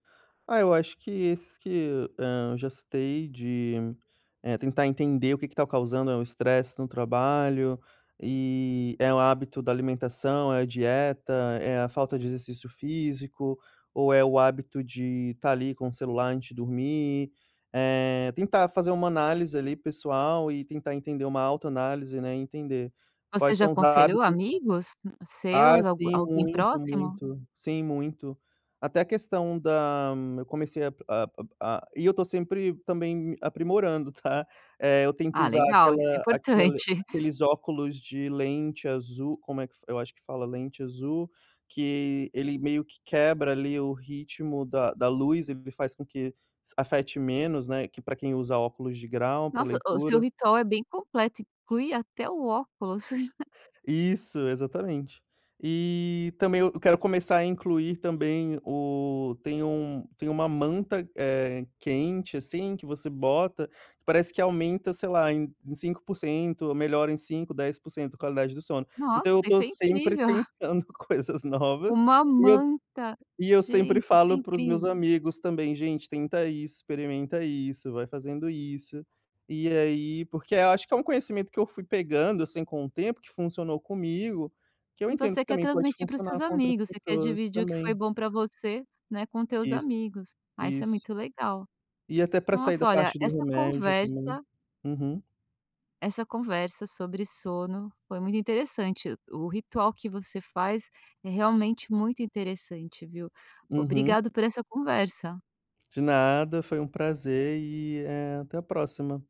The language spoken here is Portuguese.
Ah, eu acho que, esses que eu, hã, já citei de, eh, tentar entender o que que está causando é o estresse no trabalho e, é o hábito da alimentação, é a dieta, é a falta de exercício físico, ou é o hábito de estar ali com o celular antes de dormir, eh, tentar fazer uma análise ali pessoal e tentar entender uma autoanálise, né, e entender Você quais já são os aconselhou hábitos amigos ah seus? Algu sim, alguém muito, próximo? muito, sim, muito. Até a questão da eu comecei a a a e eu estou sempre também aprimorando tá, eh, eu tento Ah usar legal, isso é aquela aquele importante. aqueles óculos de lente azul, como é que eu acho que fala, lente azul, que ele meio que quebra ali o ritmo da da luz, ele faz com que afete menos, né, que pra quem usa óculos de grau pra Nossa, o seu leitura. ritual é bem completo, inclui até o óculos. Isso, exatamente. E, também eu quero começar a incluir também o, tem um tem uma manta, eh, quente assim que você bota, parece que aumenta sei lá em 5% ou melhora em 5, 10% a qualidade do sono, então Nossa, eu estou isso é sempre incrível. tentando coisas novas, Uma e eu manta, e eu sempre gente, isso é falo para os meus incrível. amigos também gente tenta isso, experimenta isso, vai fazendo isso, e aí porque eu acho que é um conhecimento que eu fui pegando assim com o tempo que funcionou comigo, que eu E entendo você que quer também pode transmitir para os seus funcionar com outras amigos, você quer pessoas dividir o que foi também. bom pra você, né, com teus Isso, amigos. Ah, isso é isso. muito legal. E até pra sair Nossa da olha parte do essa remédio também. conversa Uhum. essa conversa sobre sono foi muito interessante, o o ritual que você faz é realmente muito interessante viu? Uhum. Obrigado por essa conversa. De nada, foi um prazer, e até, eh, a próxima.